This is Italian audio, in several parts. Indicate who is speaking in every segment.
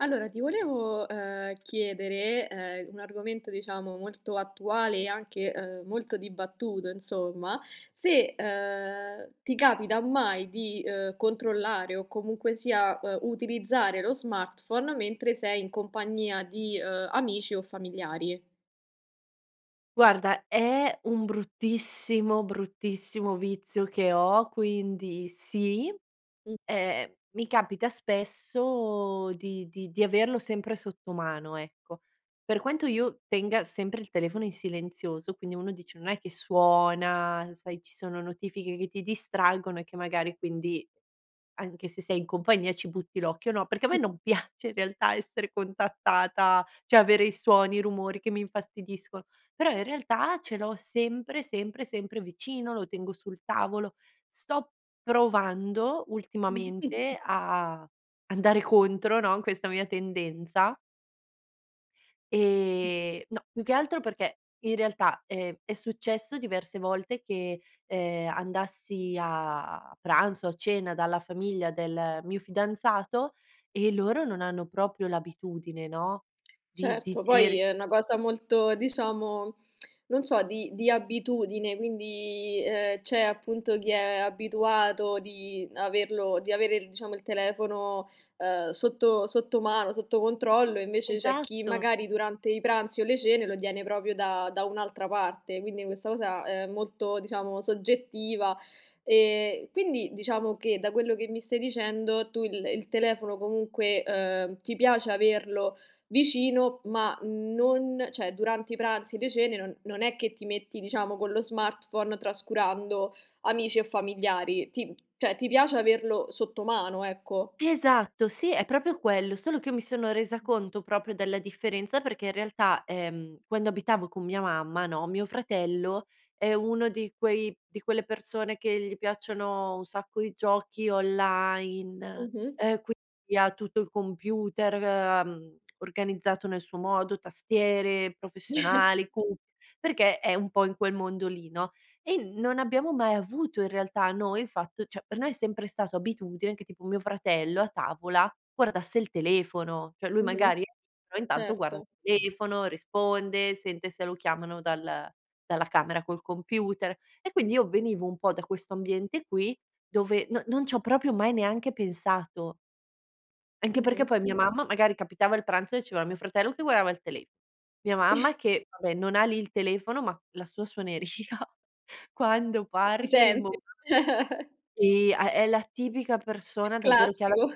Speaker 1: Allora, ti volevo, ehm, chiedere, ehm, un argomento, diciamo, molto attuale e anche, ehm, molto dibattuto insomma, se, ehm, ti capita mai di, ehm, controllare o comunque sia, ehm, utilizzare lo smartphone mentre sei in compagnia di, ehm, amici o familiari.
Speaker 2: Guarda è un bruttissimo, bruttissimo vizio che ho, quindi sì,
Speaker 1: Mh.
Speaker 2: ehm, mi capita spesso di di di averlo sempre sotto mano, ecco. Per quanto io tenga sempre il telefono in silenzioso, quindi uno dice: "Non è che suona", sai, ci sono notifiche che ti distraggono e che magari quindi anche se sei in compagnia ci butti l'occhio, no, perché a me
Speaker 1: Sì.
Speaker 2: non piace in realtà essere contattata, cioè avere i suoni, i rumori che mi infastidisco, però in realtà ce l'ho sempre, sempre, sempre vicino, lo tengo sul tavolo. Sto provando ultimamente a andare contro, no, a questa mia tendenza. Ehm, no, più che altro perché in realtà, ehm, è successo diverse volte che, ehm, andassi a pranzo o a cena dalla famiglia del mio fidanzato, e loro non hanno proprio l'abitudine, no, di di di
Speaker 1: Certo. Poi
Speaker 2: tenere
Speaker 1: è una cosa molto diciamo, non so, di di abitudine quindi, ehm, c'è appunto chi è abituato di averlo di avere diciamo il telefono, ehm, sotto sotto mano, sotto controllo invece c'è chi
Speaker 2: Esatto.
Speaker 1: magari durante i pranzi o le cene lo tiene proprio da da un'altra parte. Quindi questa cosa è molto diciamo soggettiva. E quindi, diciamo che da quello che mi stai dicendo, tu il il telefono comunque, ehm, ti piace averlo vicino ma non cioè durante i pranzi, le cene, non non è che ti metti diciamo con lo smartphone, trascurando amici e familiari. Ti p cioè ti piace averlo sotto mano, ecco.
Speaker 2: Esatto, sì è proprio quello. Solo che mi sono resa
Speaker 1: Mh.
Speaker 2: conto proprio della differenza perché in realtà, ehm, quando abitavo con mia mamma, no, mio fratello è uno di quei di quelle persone che gli piacciono un sacco i giochi online,
Speaker 1: Mh-mh.
Speaker 2: ehm, quindi ha tutto il computer, ehm, organizzato nel suo modo, tastiere professionali, cuff perché è un po' in quel mondo lì, no? E non abbiamo mai avuto in realtà noi il fatto cioè per noi è sempre stato abitudine che tipo mio fratello a tavola guardasse il telefono. Cioè lui
Speaker 1: Mh-mh.
Speaker 2: magari [unintelligible] però intanto guarda
Speaker 1: Certo.
Speaker 2: il telefono, risponde, sente se lo chiamano dal dalla camera col computer, e quindi io venivo un po' da questo ambiente qui dove non non c'ho proprio mai neanche pensato. Anche perché
Speaker 1: Mh-mh.
Speaker 2: poi mia mamma, magari capitava il pranzo e c'era mio fratello che guardava il tele mia mamma che vabbè non ha lì il telefono ma la sua suoneria quando
Speaker 1: Si
Speaker 2: parte rimbom
Speaker 1: sente.
Speaker 2: sì ha è la tipica persona davvero che ha la
Speaker 1: Classico!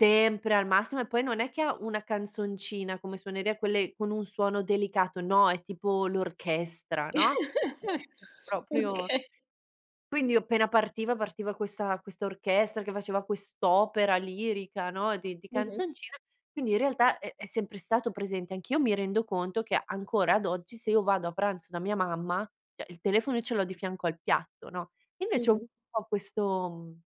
Speaker 2: sempre al massimo e poi non è che ha una canzoncina come suoneria, quelle con un suono delicato. No, è tipo l'orchestra, no, [unintelligible] proprio
Speaker 1: Okay.
Speaker 2: Quindi appena partiva, partiva questa questa orchestra che faceva quest'opera lirica, no, di di
Speaker 1: Mh-mh.
Speaker 2: canzoncine quindi in realtà è è sempre stato presente. Anch'io mi rendo conto che ancora ad oggi se io vado a pranzo da mia mamma, cioè il telefono io ce l'ho di fianco al piatto, no? Invece ho un
Speaker 1: Mh-mh.
Speaker 2: po' questo, mhmm,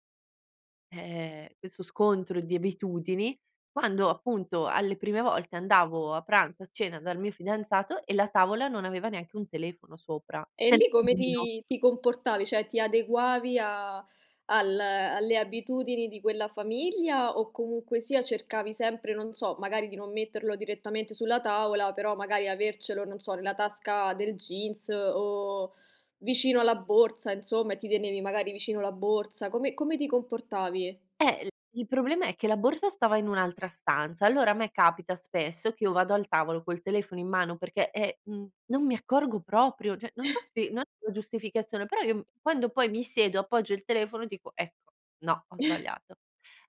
Speaker 2: ehm, questo scontro di abitudini quando appunto alle prime volte andavo a pranzo, a cena dal mio fidanzato e la tavola non aveva neanche un telefono sopra.
Speaker 1: E
Speaker 2: Sem
Speaker 1: lì come
Speaker 2: [unintelligible]
Speaker 1: ti ti comportavi? Cioè, ti adeguavi a al alle abitudini di quella famiglia, o comunque sia cercavi sempre, non so, magari di non metterlo direttamente sulla tavola, però magari avercelo, non so, nella tasca del jeans, o vicino alla borsa insomma e ti tenevi magari vicino la borsa. Come come ti comportavi?
Speaker 2: Eh il il problema è che la borsa stava in un'altra stanza. Allora a me capita spesso che io vado al tavolo col telefono in mano perché, eh, mhmm, non mi accorgo proprio. Cioè non so spie non è una giustificazione, però io m quando poi mi siedo appoggio il telefono dico: "Ecco, no ho sbagliato".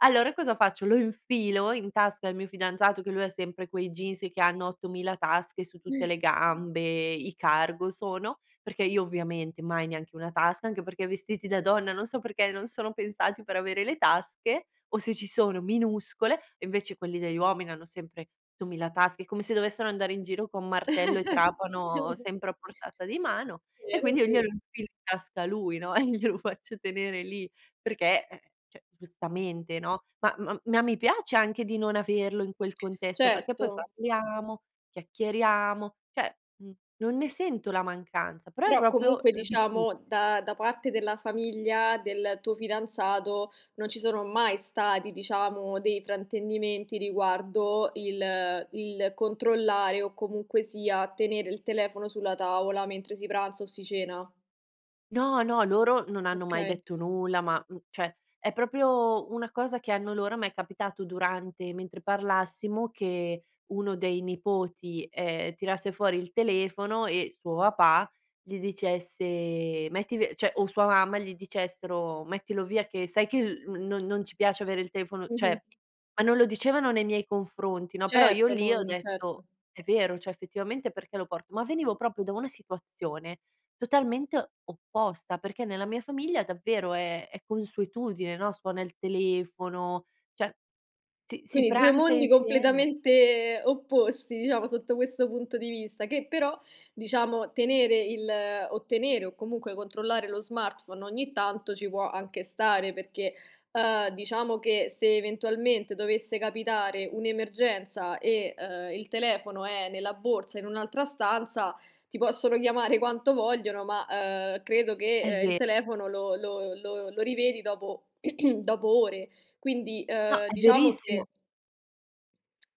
Speaker 2: Allora cosa faccio, lo infilo in tasca al mio fidanzato, che lui ha sempre quei jeans che hanno 8.000 tasche su tutte le gambe, i cargo sono, perché io ovviamente mai neanche una tasca, anche perché i vestiti da donna, non so perché, non sono pensati per avere le tasche o se ci sono minuscole, invece quelli degli uomini hanno sempre 8.000 tasche, come se dovessero andare in giro con martello e trapano sempre a portata di mano,
Speaker 1: È
Speaker 2: e
Speaker 1: vero,
Speaker 2: quindi
Speaker 1: è
Speaker 2: io glielo
Speaker 1: ve
Speaker 2: infilo in tasca a lui, no, e glielo faccio tenere lì, perché eh, cioè, giustamente, no. Ma ma ma mi piace anche di non averlo in quel contesto perché poi
Speaker 1: Certo.
Speaker 2: parliamo, chiacchieriamo cioè, mhmm, non ne sento la mancanza, però è
Speaker 1: Però
Speaker 2: proprio
Speaker 1: comunque
Speaker 2: l'abitu
Speaker 1: diciamo da da parte della famiglia del tuo fidanzato non ci sono mai stati diciamo dei fraintendimenti riguardo il il controllare o comunque sia tenere il telefono sulla tavola mentre si pranza o si cena?
Speaker 2: No, no, loro non hanno mai
Speaker 1: Okay.
Speaker 2: detto nulla ma, mhmm, cioè è proprio una cosa che hanno loro ma è capitato durante mentre parlassimo che uno dei nipoti, ehm, tirasse fuori il telefono e suo papà gli dicesse: "Metti vi", cioè, o sua mamma gli dicessero: "Mettilo via che sai che l non non ci piace avere il telefono".
Speaker 1: Mh-mh.
Speaker 2: Cioè ma non lo dicevano nei miei confronti, no, però io
Speaker 1: Certo
Speaker 2: lì ho
Speaker 1: non certo.
Speaker 2: detto: "È vero, cioè effettivamente perché lo port" ma venivo proprio da una situazione totalmente opposta perché nella mia famiglia davvero è è consuetudine, no, suona il telefono, cioè si si
Speaker 1: Quindi 2
Speaker 2: pranza
Speaker 1: mondi
Speaker 2: insieme.
Speaker 1: completamente opposti diciamo sotto questo punto di vista. Che però diciamo tenere il o tenere, o comunque controllare lo smartphone ogni tanto ci può anche stare, perché, ehm, diciamo che se eventualmente dovesse capitare un'emergenza e, ehm, il telefono è nella borsa in un'altra stanza, ti possono chiamare quanto vogliono ma, ehm, credo
Speaker 2: È
Speaker 1: che, ehm, il
Speaker 2: ve
Speaker 1: telefono lo lo lo lo rivedi dopo dopo ore. Quindi,
Speaker 2: No,
Speaker 1: ehm,
Speaker 2: è
Speaker 1: diciamo che
Speaker 2: verissimo.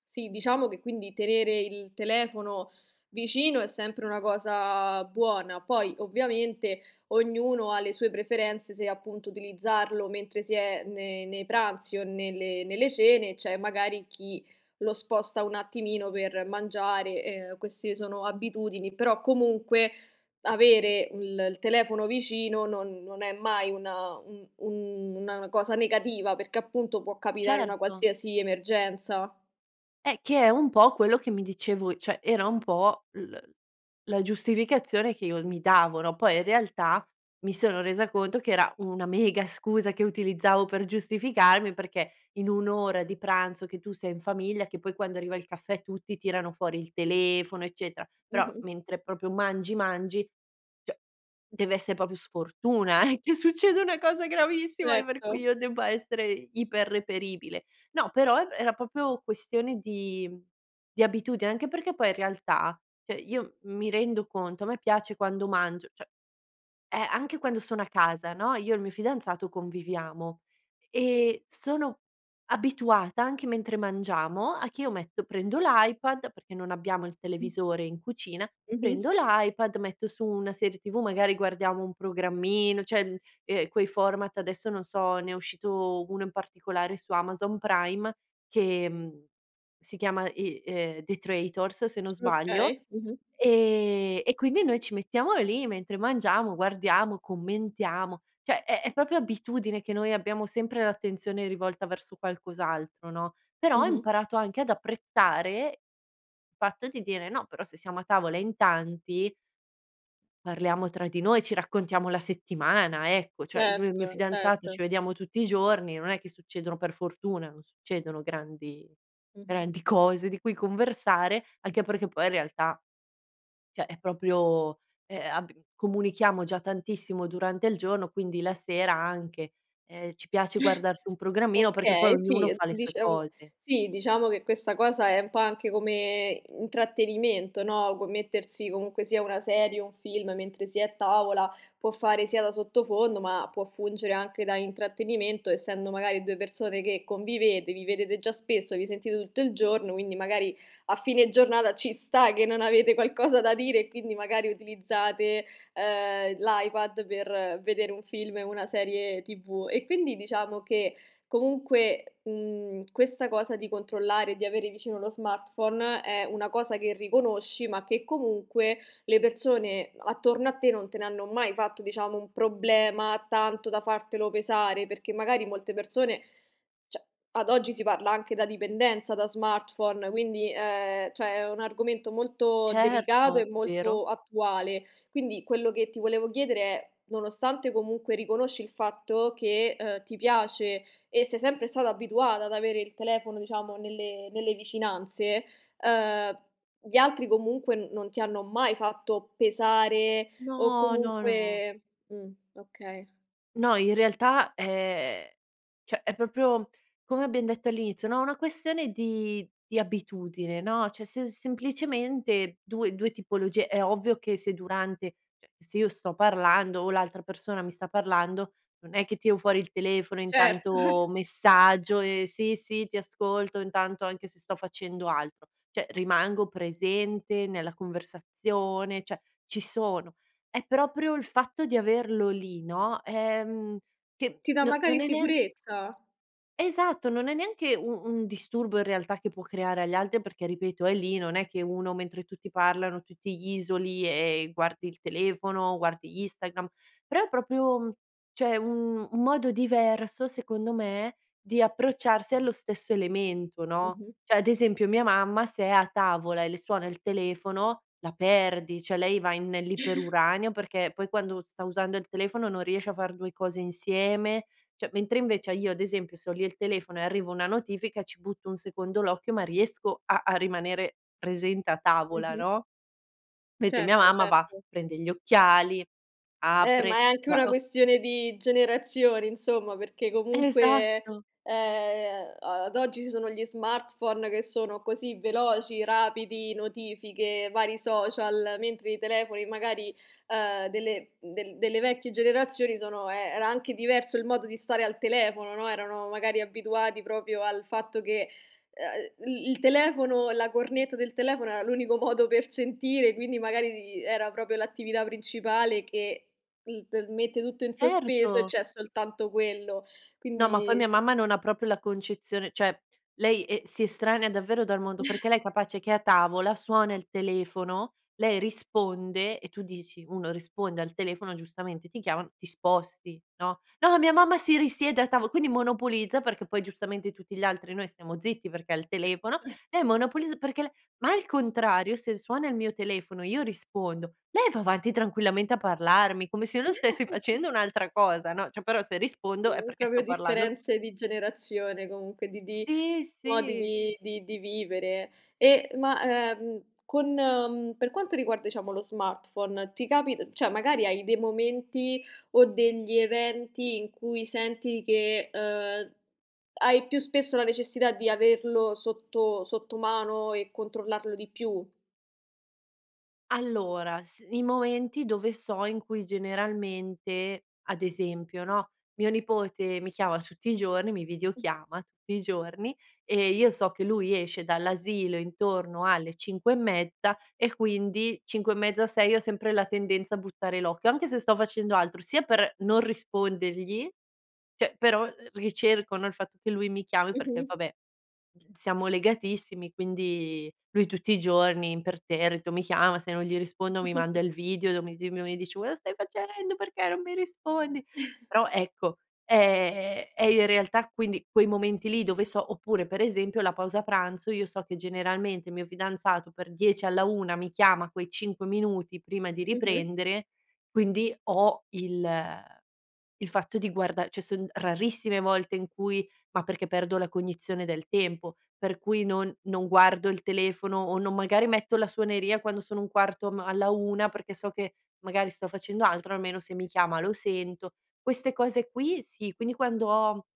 Speaker 1: Sì, diciamo che quindi tenere il telefono vicino è sempre una cosa buona. Poi ovviamente ognuno ha le sue preferenze se appunto utilizzarlo mentre si è ne nei pranzi o nelle nelle cene, c'è magari chi lo sposta un attimino per mangiare. Ehm, queste sono abitudini. Però comunque avere il il telefono vicino non non è mai una un un una cosa negativa, perché appunto può capitare una
Speaker 2: Certo.
Speaker 1: qualsiasi emergenza.
Speaker 2: Eh, che è un po' quello che mi dicevo cioè era un po' l la giustificazione che io mi davo, no, poi in realtà mi sono resa conto che era una mega scusa che utilizzavo per giustificarmi perché in 1 ora di pranzo che tu sei in famiglia che poi quando arriva il caffè tutti tirano fuori il telefono, eccetera. Però
Speaker 1: Mh-mh.
Speaker 2: mentre proprio mangi, mangi, cioè, deve essè proprio sfortuna eh, che succeda una cosa gravissima per cui
Speaker 1: Certo.
Speaker 2: io debba essere iper reperibile. No però er era proprio questione di di abitudine anche perché poi in realtà, cioè io mi rendo conto, a me piace quando mangio cioè eh, anche quando sono a casa, no, io e il mio fidanzato conviviamo, ehm, sono abituata anche mentre mangiamo a che io metto prendo l'iPad, perché non abbiamo il
Speaker 1: Mh.
Speaker 2: televisore in cucina,
Speaker 1: Mh-mh.
Speaker 2: prendo l'iPad, metto su una serie TV, magari guardiamo un programmino cioè, mhmm, ehm, quei format, adesso non so, ne è uscito uno in particolare su Amazon Prime che, mhmm, si chiama, i ehm, The Traitors se non sbaglio,
Speaker 1: Okay, mh-mh.
Speaker 2: ehm, e quindi noi ci mettiamo lì mentre mangiamo guardiamo, commentiamo. Cioè è è proprio abitudine che noi abbiamo sempre l'attenzione rivolta verso qualcos'altro, no, però ho
Speaker 1: Mh-mh.
Speaker 2: imparato anche ad apprezzare il fatto di dire: "No però se siamo a tavola in tanti parliamo tra di noi, ci raccontiamo la settimana, ecco". Cioè io e il mio
Speaker 1: Certo,
Speaker 2: fidanzato
Speaker 1: certo.
Speaker 2: ci vediamo tutti i giorni, non è che succedono per fortuna non succedono grandi
Speaker 1: Mh-mh.
Speaker 2: grandi cose di cui conversare. Anche perché poi in realtà cioè è proprio, ehm, ab comunichiamo già tantissimo durante il giorno, quindi la sera anche, ehm, ci piace guardarci un programmino perché poi
Speaker 1: Okay,
Speaker 2: ognuno
Speaker 1: sì,
Speaker 2: fa le sue
Speaker 1: diciamo
Speaker 2: cose.
Speaker 1: sì diciamo che questa cosa è un po' anche come intrattenimento, no, co mettersi comunque sia una serie o un film mentre si è a tavola può fare sia da sottofondo ma può fungere anche da intrattenimento, essendo magari 2 persone che convivete, vi vedete già spesso, vi sentite tutto il giorno, quindi magari a fine giornata ci sta che non avete qualcosa da dire e quindi magari utilizzate, ehm, l'iPad per vedere un film o una serie TV. E quindi diciamo che comunque, mhmm, questa cosa di controllare, di avere vicino lo smartphone, è una cosa che riconosci ma che comunque le persone attorno a te non te ne hanno mai fatto diciamo un problema, tanto da fartelo pesare. Perché magari molte persone cioè, ad oggi si parla anche da dipendenza da smartphone, quindi, ehm, cioè è un argomento molto delicato e
Speaker 2: Certo, vero.
Speaker 1: molto attuale. Quindi quello che ti volevo chiedere è: nonostante comunque riconosci il fatto che, ehm, ti piace e sei sempre stata abituata ad avere il telefono diciamo nelle nelle vicinanze, ehm, gli altri comunque non ti hanno mai fatto pesare o
Speaker 2: No. No, no.
Speaker 1: comunque mh, okay.
Speaker 2: No in realtà, ehm, cioè è proprio come abbiam detto all'inizio, no, è una questione di di abitudine, no, cioè se semplicemente 2- 2 tipologie. È ovvio che se durante cioè, se io sto parlando o l'altra persona mi sta parlando, non è che tiro fuori il telefono e
Speaker 1: Cer
Speaker 2: intanto messaggio, e "sì, sì, ti ascolto intanto" anche se sto facendo altro, cioè rimango presente nella conversazione, cioè ci sono. È proprio il fatto di averlo lì, no, ehm, che
Speaker 1: Ti dà
Speaker 2: no non
Speaker 1: magari
Speaker 2: è neanche
Speaker 1: sicurezza!
Speaker 2: Esatto, non è neanche un un disturbo in realtà che può creare agli altri, perché ripeto, è lì non è che uno mentre tutti parlano, tu ti isoli e guardi il telefono, guardi Instagram, però è proprio un cioè un un modo diverso secondo me di approcciarsi allo stesso elemento, no?
Speaker 1: Mh-mh.
Speaker 2: Cioè ad esempio mia mamma se è a tavola e le suona il telefono la perdi, cioè lei va in nell'iperuranio perché poi quando sta usando il telefono non riesce a far 2 cose insieme. Cioè mentre invece a io ad esempio se ho lì il telefono e arriva una notifica, ci butto un secondo l'occhio ma riesco a a rimanere presente a tavola,
Speaker 1: Mh-mh.
Speaker 2: no? Invece mia
Speaker 1: Certo,
Speaker 2: mamma va,
Speaker 1: certo.
Speaker 2: prende gli occhiali,
Speaker 1: Eh ma
Speaker 2: apre,
Speaker 1: è anche
Speaker 2: va
Speaker 1: una
Speaker 2: o
Speaker 1: questione di generazioni insomma, perché comunque,
Speaker 2: Esatto!
Speaker 1: ehm, a ad oggi ci sono gli smartphone che sono così veloci, rapidi, notifiche, vari social, mentre i telefoni magari, ehm, delle del delle vecchie generazioni sono ehm, era anche diverso il modo di stare al telefono, no, erano magari abituati proprio al fatto che, ehm, il il telefono, la cornetta del telefono era l'unico modo per sentire, quindi magari di era proprio l'attività principale che il t mette tutto in sospeso e
Speaker 2: Certo.
Speaker 1: c'è soltanto quello.
Speaker 2: No ma poi mia
Speaker 1: Quindi sì.
Speaker 2: mamma non ha proprio la concezione, cioè lei, ehm, si estranea davvero dal mondo, perché lei è capace che è a tavola, suona il telefono, lei risponde e tu dici: "Uno risponde al telefono, giustamente ti chiamano, ti sposti, no?" No, mia mamma si risiede a tavo quindi monopolizza, perché poi giustamente tutti gli altri noi stiamo zitti perché è al telefono, e monopoliz perché le ma al contrario se suona il mio telefono e io rispondo, lei va avanti tranquillamente a parlarmi come se io non stessi facendo un'altra cosa, no, cioè però se rispondo
Speaker 1: Sì,
Speaker 2: è perché sto
Speaker 1: proprio
Speaker 2: parlando
Speaker 1: differenze di generazione, comunque di di
Speaker 2: Sì,
Speaker 1: modi
Speaker 2: sì.
Speaker 1: di di di vivere. E ma, ehm, con, mhmm, per quanto riguarda diciamo lo smartphone ti capit cioè magari hai dei momenti o degli eventi in cui senti che, ehm, hai più spesso la necessità di averlo sotto sottomano e controllarlo di più?
Speaker 2: Allora, s i momenti dove so, in cui generalmente ad esempio, no, mio nipote mi chiama tutti i giorni, mi videochiama tutti i giorni e io so che lui esce dall'asilo intorno alle 5 e mezza, e quindi 5 e mezza, 6 ho sempre la tendenza a buttare l'occhio, anche se sto facendo altro. Sia per non rispondergli, cioè però l ricerco, no, il fatto che lui mi chiami, perché
Speaker 1: Mh-mh.
Speaker 2: vabbè, mhmm, siamo legatissimi, quindi lui tutti i giorni imperterrito mi chiama, se non gli rispondo mi manda il video do mi di dove mi dice: "Cosa stai facendo, perché non mi rispondi?" Però ecco, ehm, è in realtà quindi quei momenti lì dove so oppure per esempio la pausa pranzo, io so che generalmente il mio fidanzato per 10 alla 1 mi chiama quei 5 minuti prima di
Speaker 1: Mh-mh.
Speaker 2: riprendere, quindi ho il il fatto di guarda cioè son rarissime le volte in cui ma perché perdo la cognizione del tempo, per cui non non guardo il telefono o non magari metto la suoneria quando sono 1/4 ma alla 1 perché so che magari sto facendo altro, almeno se mi chiama lo sento. Queste cose qui sì, quindi quando ho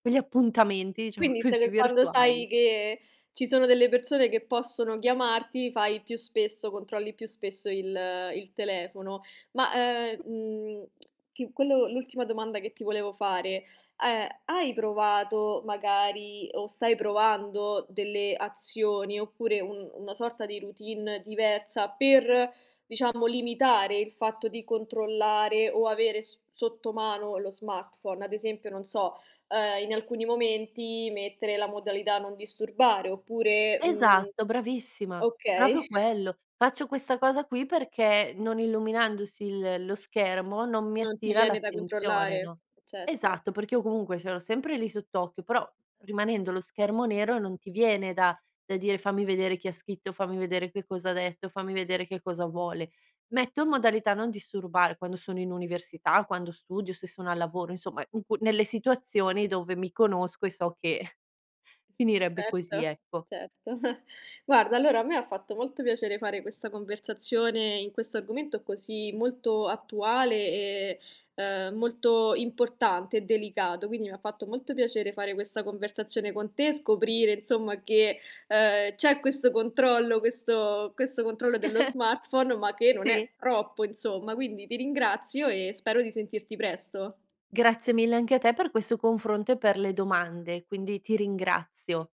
Speaker 2: quegli appuntamenti, diciamo
Speaker 1: Quindi se
Speaker 2: così,
Speaker 1: per quando
Speaker 2: virtuali.
Speaker 1: sai che ci sono delle persone che possono chiamarti fai più spesso, controlli più spesso il il telefono. Ma ehm, mhmm, ti quello l'ultima domanda che ti volevo fare a è: hai provato magari, o stai provando delle azioni oppure un una sorta di routine diversa per diciamo limitare il fatto di controllare o avere s sotto mano lo smartphone? Ad esempio non so, ehm, in alcuni momenti mettere la modalità non disturbare oppure, mhmm
Speaker 2: Esatto bravissima, proprio
Speaker 1: okay.
Speaker 2: quello. Faccio questa cosa qui perché non illuminandosi il lo schermo, non mi
Speaker 1: Non ti
Speaker 2: attira
Speaker 1: viene da
Speaker 2: l'attenzione,
Speaker 1: controllare?
Speaker 2: no?
Speaker 1: Certo.
Speaker 2: Esatto perché io comunque ce l'ho sempre lì sott'occhio però rimanendo lo schermo nero non ti viene da da dire: "Fammi vedere chi ha scritto, fammi vedere che cosa ha detto, fammi vedere che cosa vuole". Metto in modalità non disturbare, quando sono in università, quando studio, se sono al lavoro, insomma in qu nelle situazioni dove mi conosco e so che finirebbe così,
Speaker 1: Certo,
Speaker 2: ecco.
Speaker 1: certo. Guarda allora a me fatto molto piacere fare questa conversazione in questo argomento così molto attuale e, ehm, molto importante e delicato. Quindi mi ha fatto molto piacere fare questa conversazione con te e scoprire insomma che, ehm, c'è questo controllo, questo questo controllo dello smartphone ma che non
Speaker 2: Sì.
Speaker 1: è troppo insomma, quindi ti ringrazio e spero di sentirti presto.
Speaker 2: Grazie mille anche a te per questo confronto e per le domande, quindi ti ringrazio.